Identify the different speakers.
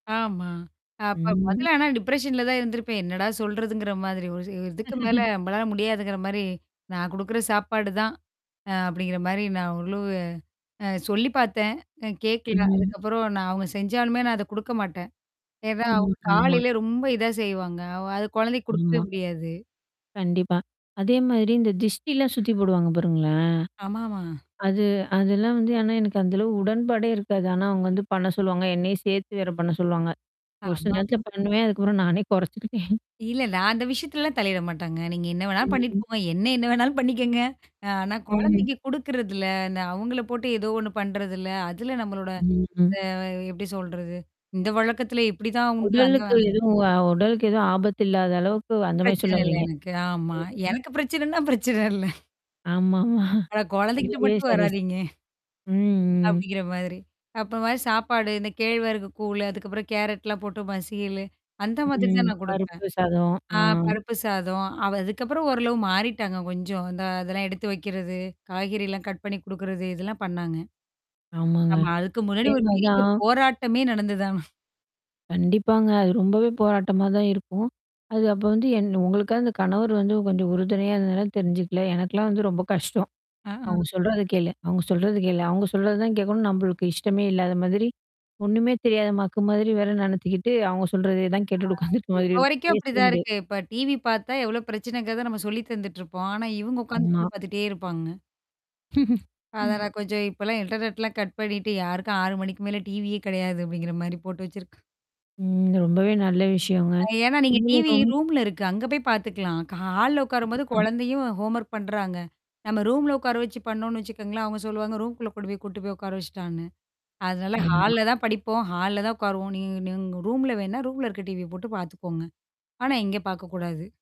Speaker 1: ஆமா. அப்ப
Speaker 2: ம்.
Speaker 1: மொதல்ல ஆனா டிப்ரஷன்ல தான் இருந்திருப்பேன். என்னடா சொல்றதுங்கிற மாதிரி. ஒரு ச ஒரு இதுக்கு மேல நம்பளால முடியாதுங்கிற மாரி, நான் குடுக்குற சாப்பாடு தான். அ அப்படிங்கிற மாரி நான் ஓரளவு அ சொல்லி பாத்தேன். அ கேக்கல.
Speaker 2: ம்.
Speaker 1: அதுக்கப்புறம் நான் அவங்க செஞ்சாலுமே, நான் அத குடுக்க மாட்டேன். ஏன்னா,
Speaker 2: ம்.
Speaker 1: அவங்க
Speaker 2: ஆமா.
Speaker 1: காலையில ரொம்ப இதா செய்வாங்க. அவ அது குழந்தைக்கு குடுக்கவே
Speaker 2: ஆமா.
Speaker 1: முடியாது.
Speaker 2: கண்டிப்பா. அதே மாதிரி இந்த திருஷ்டிலாம் சுத்தி போடுவாங்க பாருங்களேன்?
Speaker 1: ஆமாமா.
Speaker 2: அது அதெல்லாம் வந்து ஆனா எனக்கு அந்த அளவு உடன்பாடே இருக்காது. ஆனா அவங்க வந்து பண்ண சொல்லுவாங்க. என்னையும் சேர்த்து வேற பண்ண சொல்லுவாங்க. ஒரு சில நேரத்துல
Speaker 1: ஆமாமா.
Speaker 2: பண்ணுவேன். அதுக்கப்புறம் நானே குறைச்சுக்கிட்டேன்.
Speaker 1: இல்லல்ல. அந்த விஷயத்துலலாம் தலையிட மாட்டாங்க. நீங்க என்ன வேணாலும் பண்ணிட்டு
Speaker 2: ம்ஹ்ம்.
Speaker 1: போங்க. என்ன என்ன வேணாலும் பண்ணிக்கங்க. ஆனா
Speaker 2: ம்.
Speaker 1: குழந்தைக்கு குடுக்குறதில, இந்த அவங்கள போட்டு ஏதோ ஒண்ணு பண்றதில. அதுல நம்மளோட
Speaker 2: ம். ம்.
Speaker 1: அ எப்படி சொல்றது? இந்த வழக்கத்தில இப்படிதான் உண்டு அந்த
Speaker 2: உடலுக்கு எதுவும் உடலுக்கு எதுவும் ஆபத்து இல்லாத அளவுக்கு அந்த மாரி
Speaker 1: பிரச்சன
Speaker 2: சொல்ல
Speaker 1: இல்ல
Speaker 2: வர்றீங்க.
Speaker 1: எனக்கு. ஆமா.
Speaker 2: ம்.
Speaker 1: எனக்கு பிரச்சனைன்னா பிரச்சன இல்ல.
Speaker 2: ஆமாமா.
Speaker 1: ஆனா குழந்தைக்கிட்ட
Speaker 2: அதுவுமே
Speaker 1: மட்டும்
Speaker 2: சரி, சரி.
Speaker 1: வராதீங்க.
Speaker 2: ம், ம்.
Speaker 1: அப்படிங்கிற மாதிரி. அப்புறம் சாப்பாடு, இந்த கேழ்வரகு கூழு, அதுக்கப்புறம் கேரட்லாம் போட்டு மசீயலு அந்த மாதிரி
Speaker 2: ம்.
Speaker 1: தான் நான் குடுப்பேன்.
Speaker 2: பருப்பு சாதம். ஆ.
Speaker 1: ஆ பருப்பு சாதம், அ அதுக்கப்புறம் ஓரளவு மாறிட்டாங்க கொஞ்சம். இந்த அதெல்லாம் எடுத்து வைக்கிறது, காய்கறல்லாம் கட் பண்ணி குடுக்குறது இதெல்லாம் பண்ணாங்க.
Speaker 2: ஆமாங்க.
Speaker 1: ஆமா. அதுக்கு முன்னாடி ஒரு பெரிய
Speaker 2: இதேமாரிதான்
Speaker 1: போராட்டமே நடந்து ஆனா.
Speaker 2: கண்டிப்பாங்க. அது ரொம்பவே போராட்டமா தான் இருக்கும். அது அப்ப வந்து என் உங்களுக்காவதுந்த கணவர் வந்து கொஞ்சம் உறுதுணையா இருந்தனால தெரிஞ்சுக்கல. எனக்கலாம் வந்து ரொம்ப கஷ்டம்.
Speaker 1: அஹ.
Speaker 2: அவங்க சொல்றது கேளு. அவங்க சொல்றது கேளு. அவங்க சொல்றது தான் கேட்கணும். நம்மளுக்கு இஷ்டமே இல்லாத மாதிரி, ஒண்ணுமே தெரியாத மக்கு மாதிரி வேற நெனத்துக்கிட்டு, அவங்க சொல்றத தான்
Speaker 1: ஆ.
Speaker 2: கேட்டுட்டு உட்கார்ந்துட்டு மாதிரி
Speaker 1: இப்ப
Speaker 2: இருக்கும்
Speaker 1: வரைக்கும்
Speaker 2: பேசவே
Speaker 1: அப்படிதான்
Speaker 2: முடியாது.
Speaker 1: இருக்கு. இப்ப டிவி பாத்தா எவ்ளோ பிரச்சனைங்கிறத நம்ம சொல்லி தந்துட்டுருப்போம். ஆனா இவங்க உட்காந்து
Speaker 2: ஆமா.
Speaker 1: டிவி பாத்துட்டே இருப்பாங்க. அதான்
Speaker 2: ம்.
Speaker 1: நான் கொஞ்சம் இப்பலாம் இன்டர்நெட்லாம் கட் பண்ணிட்டு யாருக்கும் 6 மணிக்கு மேல டிவியே கிடையாது அப்படிங்கிற மாரி போட்டு வச்சிருக்கு
Speaker 2: ம். ரொம்பவே நல்ல விஷயங்க.
Speaker 1: அ. ஏன்னா, நீங்க
Speaker 2: நீங்களும்
Speaker 1: டிவி
Speaker 2: ரொம்
Speaker 1: ரூம்ல இருக்கு. அங்க போய் பாத்துக்கலாம். க ஹா ஹால்ல உட்காரும்போது
Speaker 2: ம்.
Speaker 1: குழந்தையும் ஹோம்வொர்க் பண்றாங்க. நம்ம ரூம்ல உட்கார வச்சு பண்ணோனு வச்சுக்கோங்களேன், அவுங்க சொல்லுவாங்க. ரூம்குள்ள கொண்டு போய் கூட்டு போய் உட்கார வச்சுட்டான்னு. அதனால
Speaker 2: ஆமா.
Speaker 1: ஹால்ல தான் படிப்போம். ஹால்ல தான் உட்காருவோம். நீங்க நீங்க ரூம்ல வேணா, ரூம்ல இருக்க டீவிய போட்டு பாத்துக்கோங்க. ஆனா, இங்க பாக்கக்கூடாது.